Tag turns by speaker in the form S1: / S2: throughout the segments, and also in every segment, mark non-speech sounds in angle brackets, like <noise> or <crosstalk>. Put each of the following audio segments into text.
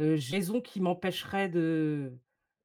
S1: Heu, raisons qui m'empêcheraient de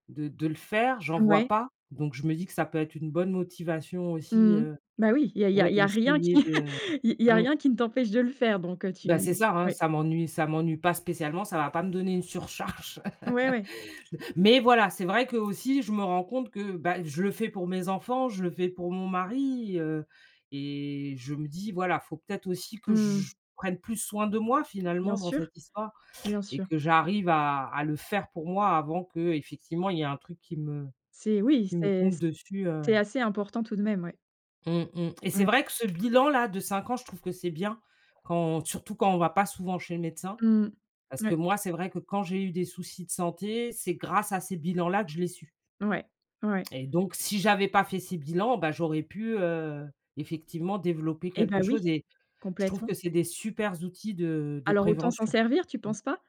S1: de de le faire, j'en vois
S2: Ouais.
S1: pas. Donc je me dis que ça peut être une bonne motivation
S2: Mmh
S1: aussi,
S2: mh.
S1: heu,
S2: Bah oui, il y a il y a
S1: ouais,
S2: il y a rien qui
S1: essayer
S2: <chuckles>
S1: de,
S2: il il y a
S1: mmh.
S2: rien qui ne t'empêche de le faire, donc, heu, tu
S1: Bah, c'est ça, hein,
S2: ouais.
S1: ça m'ennuie ça m'ennuie pas spécialement, ça va pas me donner une surcharge.
S2: Ouais, ouais.
S1: <laughs> Mais voilà, c'est vrai que, aussi, je me rends compte que, bah, je le fais pour mes enfants, je le fais pour mon mari, heu et je me dis, voilà, faut peut être aussi que
S2: Mmh.
S1: je prenne plus soin de moi
S2: Bien
S1: finalement dans
S2: sûr,
S1: cette histoire
S2: bien
S1: et
S2: sûr.
S1: que j'arrive à à le faire pour moi avant qu'effectivement, il y ait un truc qui me
S2: C'est oui,
S1: qui me
S2: c'est
S1: tombe
S2: c
S1: dessus, heu.
S2: c'est assez important tout de même, ouais.
S1: Mmh mh et c'est
S2: <unintelligible>
S1: vrai que ce bilan là de 5 ans, je trouve que c'est bien quand surtout quand on va pas souvent chez le médecin.
S2: Mmh.
S1: Parce que
S2: Ouais.
S1: moi, c'est vrai que quand j'ai eu des soucis de santé, c'est grâce à ces bilans là que je l'ai su.
S2: Ouais, ouais.
S1: Et donc, si j'avais pas fait ces bilans, bah, j'aurais pu, heu, effectivement développer
S2: Et bah
S1: quelque
S2: oui,
S1: chose et je trouve
S2: complètement.
S1: que c'est des super outils de de
S2: Alors autant s'en
S1: prévention.
S2: servir, tu
S1: Mmh.
S2: penses pas?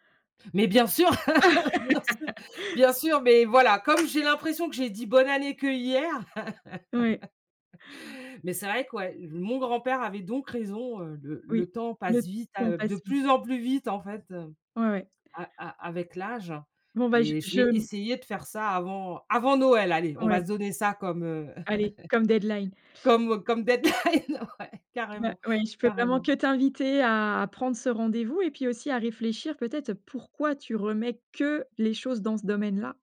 S1: Mais bien sûr, <laughs> bien sûr,
S2: <laughs>
S1: bien sûr, mais voilà, comme j'ai l'impression que j'ai dit «Bonne année» qu'hier.
S2: Ouais.
S1: <laughs> Mais c'est vrai que, ouais, mon grand-père avait donc raison, heu, le
S2: Oui.
S1: le temps
S2: Le
S1: passe vite,
S2: temps
S1: a de
S2: passe vite.
S1: plus en plus vite en fait,
S2: Ouais, ouais.
S1: a a avec l'âge.
S2: Bon, ben, j
S1: Et je vais
S2: je.
S1: essayer de faire ça avant avant Noël. Allez, on
S2: Ouais.
S1: va se donner ça comme, heu,
S2: Allez, comme deadline.
S1: <laughs> comme comme deadline, ouais.
S2: Bah
S1: Carrément,
S2: ouais. Je peux vraiment
S1: carrément.
S2: que t'inviter à prendre ce rendez-vous et puis aussi à réfléchir, peut-être, pourquoi tu remets que les choses dans ce domaine-là.